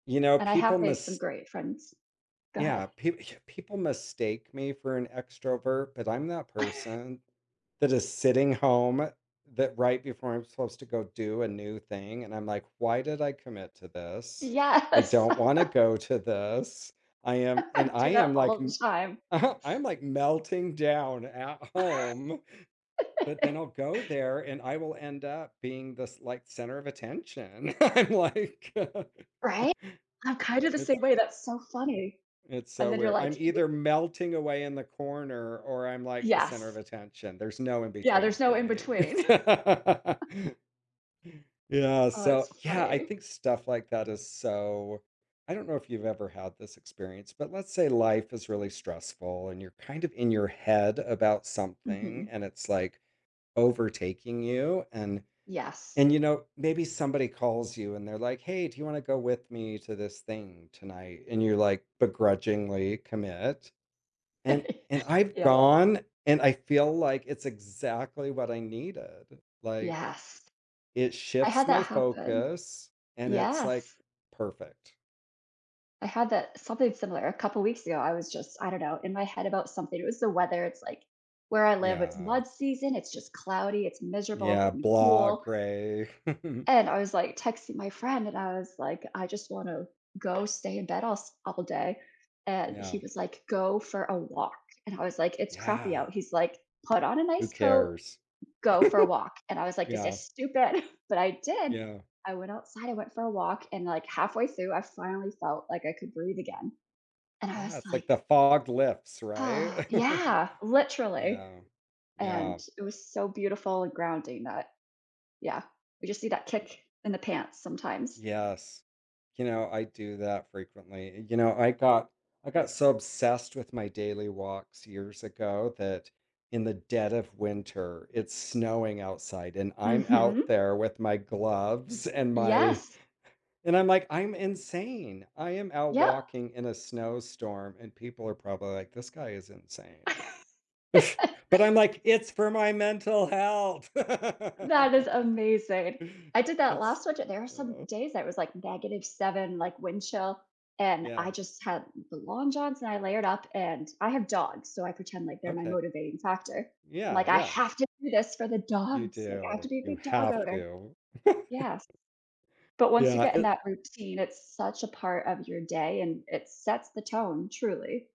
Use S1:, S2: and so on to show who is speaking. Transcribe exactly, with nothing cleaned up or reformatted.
S1: You know,
S2: And I
S1: people
S2: have made some
S1: mis
S2: great friends. Go ahead.
S1: Yeah, p people mistake me for an extrovert, but I'm that person that is sitting home that right before I'm supposed to go do a new thing, and I'm like, "Why did I commit to this? I
S2: Yes.
S1: don't wanna go to this." I am and
S2: I
S1: I
S2: do that
S1: am, like,
S2: all the
S1: m
S2: time.
S1: aha, I'm, like, melting down at home, but then I'll go there, and I will end up being this, like, center of attention. I'm like
S2: Right, I'm, kind of, the
S1: it's
S2: same way. That's so funny,
S1: it's so
S2: and then you're
S1: weird.
S2: like
S1: I'm
S2: you
S1: either melting away in the corner, or I'm, like, the center of
S2: Yes.
S1: attention. There's no in
S2: Yeah, there's
S1: between
S2: no
S1: for
S2: in
S1: me.
S2: between.
S1: Yeah,
S2: Oh, that's
S1: so, yeah. I
S2: funny.
S1: think stuff like that is so I don't know if you've ever had this experience, but let's say life is really stressful, and you're, kind of, in your head about something,
S2: Mhm.
S1: and it's, like, overtaking you, and
S2: Yes.
S1: and, you know, maybe somebody calls you and they're like, "Hey, do you wanna go with me to this thing tonight?" and you're, like, begrudgingly commit, and and I've
S2: Yep.
S1: gone, and I feel, like, it's exactly what I needed, like,
S2: Yes,
S1: it
S2: I
S1: shifts
S2: had
S1: my
S2: that happen
S1: focus, and it's, like,
S2: Yes.
S1: perfect.
S2: I had that something similar a couple weeks ago, I was, just, I don't know, in my head about something. It was the weather, it's, like where I live, it's
S1: Yeah.
S2: mud season, it's, just, cloudy, it's miserable
S1: Yeah,
S2: but m
S1: blah,
S2: cool
S1: gray.
S2: and I was, like, texting my friend, and I was, like, I, just, wanna go stay in bed all s all day, and he
S1: Yeah.
S2: was like, "Go for a walk." and I was like, "It's crappy
S1: Yeah.
S2: out." he's like, "Put on a
S1: Who
S2: nice coat,
S1: cares?
S2: go for a walk." and I was like, "This
S1: Yeah.
S2: is stupid." but I did.
S1: Yeah.
S2: I went outside, I went for a walk, and, like, halfway through I finally felt, like, I could breathe again, and I
S1: Yeah,
S2: was
S1: it's like
S2: like
S1: the fog lifts,
S2: Oh,
S1: right?
S2: yeah, literally,
S1: Yeah,
S2: and
S1: yeah.
S2: it was so beautiful and grounding that yeah. We, just, need that kick in the pants sometimes.
S1: Yes, you know, I do that frequently. You know, I got I got so obsessed with my daily walks years ago that in the dead of winter, it's snowing outside, and I'm out
S2: Mhm.
S1: there with my gloves, and my
S2: Yes.
S1: and I'm like, "I'm insane." I am out
S2: Yep.
S1: walking in a snowstorm, and people are probably like, "This guy is insane." but I'm, like, "It's for my mental health."
S2: That is amazing. I did that
S1: It's
S2: last sort there were some
S1: yeah.
S2: days I was, like, negative seven, like, wind chill, and I,
S1: Yeah.
S2: just, had the long johns and I layered up, and I have dogs, so I pretend, like, they're my
S1: Okay.
S2: motivating factor.
S1: Yeah,
S2: Like, I
S1: yeah.
S2: have to do this for the
S1: You
S2: dogs, like, I have to
S1: do,
S2: be a
S1: you
S2: good dog
S1: have
S2: owner.
S1: to.
S2: Yes, but once you
S1: Yeah,
S2: get in
S1: it
S2: that routine, it's such a part of your day and it sets the tone, truly.